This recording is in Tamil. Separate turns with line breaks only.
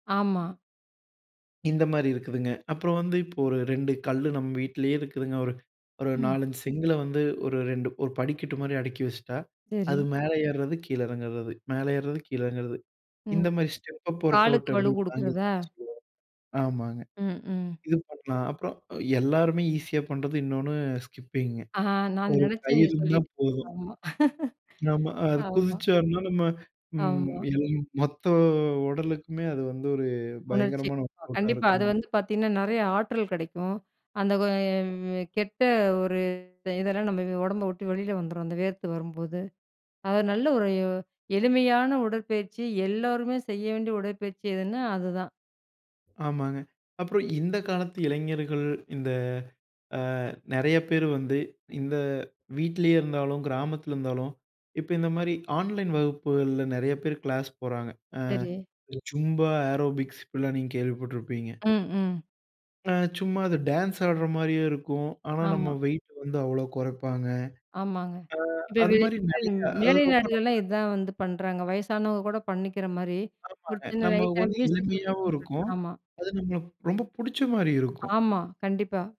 ஆமா.
இந்த மாரி இருக்குதுங்க. அப்புறம் வந்து இப்போ ஒரு 2 கல்லு நம்ம வீட்லே இருக்குதுங்க ஒரு ஒரு
ம்.
4 5 செங்கல்ல வந்து ஒரு 2 ஒரு படிக்கட்டு மாரி அடிக்கி வச்சுட்டா.
சரி.
அது மேல ஏறது, கீழ இறங்கறது, மேல ஏறது, கீழ இறங்கறது.
ம்.
இந்த மாரி ஸ்டெப் அப் ஒர்க் அவுட்
காலுக்கு வலு
அப்டின்னு
கொடுக்கிறதா?
ஆங்கிலத்தில சொல்லுவாங்க. ஆமாங்க.
ம், ம்.
இது பண்லாம். அப்பறம், எல்லாருமே ஈஸியா பண்றது, இன்னொன்னு ஸ்கிப்பிங்க,
ஆ. நான்
ஒரு
நெனைச்சேன்
கயிறு
நீங்க
இருந்தா
சொல்லிட்டிங்க.
போதும்.
ஆமா,
நம்ம, அது
ஆமா.
குதிச்சம்னா நம்ம ம்
ஆமா.
எழும் மொத்த உடலுக்குமே அது வந்து ஒரு
உணர்ச்சி.
பயங்கரமான ஒர்க் அவுட்டா
கண்டிப்பா. அது
இருக்கும்.
வந்து பார்த்தீங்கன்னா, நெறையா ஆற்றல் கிடைக்கும். அந்த கெட்ட ஒரு இதெல்லாம் நம்ம ஒடம்ப விட்டு வெளியில வந்துரும் அந்த வேர்த்து வரும்போது. அது நல்ல ஒரு எளிமையான உடற்பயிற்சி. எல்லோருமே செய்ய வேண்டிய உடற்பயிற்சி எதுன்னா, அதுதான்.
ஆமாங்க. அப்பறம் இந்த காலத்து இளைஞர்கள். இந்த அ, நெறைய பேரு வந்து, இந்த, வீட்டிலே இருந்தாலும், கிராமத்தில இருந்தாலும், இப்ப இந்த மாரி ஆன்லைன் வகுப்புகள்ல நெறைய பேரு கிளாஸ் போறாங்க. ஆ,
சரி.
இந்த ஜும்பா, ஏரோபிக்ஸ் இப்டியெல்லாம் நீங்க கேள்விப்பட்டிருப்பீங்க.
ம், ம்.
அ சும்மா அது டான்ஸ் ஆடற மாரியே இருக்கும், ஆனா,
ஆமா.
நம்ம வெயிட்டு வந்து அவ்ளோ கொறப்பாங்க.
ஆமாங்க.
ஆ,
இப்போ
அதுமாரி
வெளிநாடு
நெறையா அது,
மேலை
ரொம்ப, ரொம்ப
நாடுகள்லாம் இதான் வந்து பண்றாங்க. வயசானவங்க கூட பண்ணிக்கிற மாரி ஒரு
ஆமாங்க.
சின்ன
நமக்கு
லைட்டா
வந்து
மியூஸிக் மட்டும்
எளிமையாவும்
போட்டுட்டு
இருக்கும்.
ஆமா.
அது நம்மளுக்கு ரொம்ப புடிச்ச மாரி இருக்கும்.
ஆமா, கண்டிப்பா.